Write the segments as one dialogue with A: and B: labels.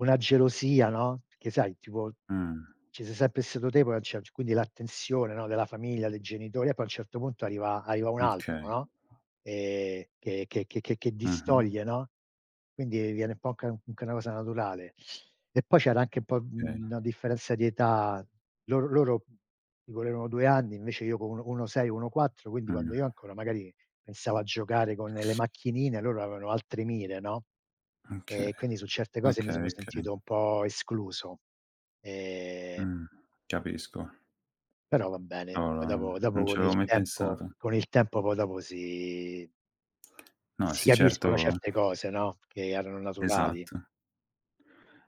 A: Una gelosia, no, che sai, tipo,
B: Mh.
A: ci sei sempre stato te poi a un ce quindi l'attenzione, no, della famiglia, dei genitori e poi a un certo punto arriva arriva un
B: M okay.
A: altro, no, ehm, che che che che
B: Mh-mh.
A: distoglie, no, quindi viene un po' anche- anche una cosa naturale. E poi c'era anche un po',
B: Okay.
A: mhmm, una differenza di età. Lor loro, mhmm, mi volerono 2 anni, invece io co 1 co 1 6, 1 4, quindi quando
B: Mh.
A: io ancora magari pensavo a giocare con le macchinine, loro avevano altri mire, no, e
B: Okay,
A: quindi su certe cose mi sono
B: okay, okay.
A: sentito un po' escluso. Ehm
B: Mh, capisco.
A: Però va bene, poi
B: Cavolo
A: dopo
B: non
A: dopo
B: non ci
A: con il
B: avevo mai
A: tempo
B: pensato.
A: con il tempo poi dopo, si
B: No,
A: si
B: sì,
A: capiscono
B: certo
A: certe cose, no, che erano naturali.
B: Esatto.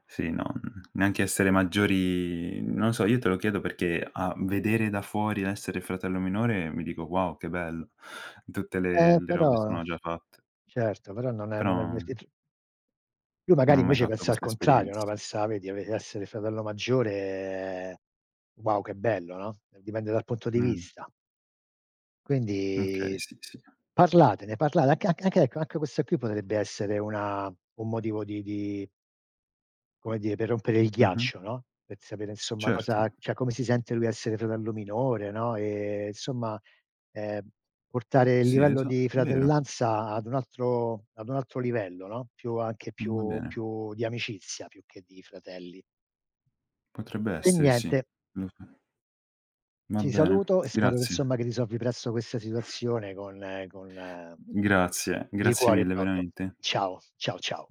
B: Sì, no, n neanche essere maggiori non so, io te lo chiedo perché a vedere da fuori l'essere fratello minore mi dico: "Wow, che bello!" Tutte le
A: Ehm,
B: le robe
A: però
B: sono già fatte.
A: certo, però non è non è
B: Però
A: avvertit Lui
B: Non
A: magari
B: ho mai
A: invece
B: fatto
A: pensa al
B: questa
A: contrario, no,
B: esperienza.
A: pensa vedi, ave essere fratello maggiore: "Wow, che bello, no", dipende dal punto di
B: Mh.
A: vista.
B: Okay,
A: Quindi
B: sì, sì.
A: parlatene parla anc anch ecco, anche questo qui potrebbe essere una un motivo di di come dire, per rompere il
B: Mh-mh.
A: ghiaccio, no, per sapere insomma
B: Certo.
A: cosa cioè, come si sente lui a essere fratello minore, no, e insomma ehm, portare il
B: Sì,
A: livello
B: esa
A: di
B: vero.
A: fratellanza ad un altro ad un altro livello, no, più anche
B: Va
A: più
B: bene.
A: più di amicizia, più che di fratelli.
B: Potrebbe
A: E
B: essere, sì.
A: niente.
B: Lo so. Va
A: Ti
B: bene,
A: saluto e spero
B: grazie.
A: insomma che risolvi presto questa situazione con con la
B: Grazie,
A: Di
B: grazie
A: cuore
B: mille,
A: proprio.
B: veramente.
A: Ciao, ciao, ciao.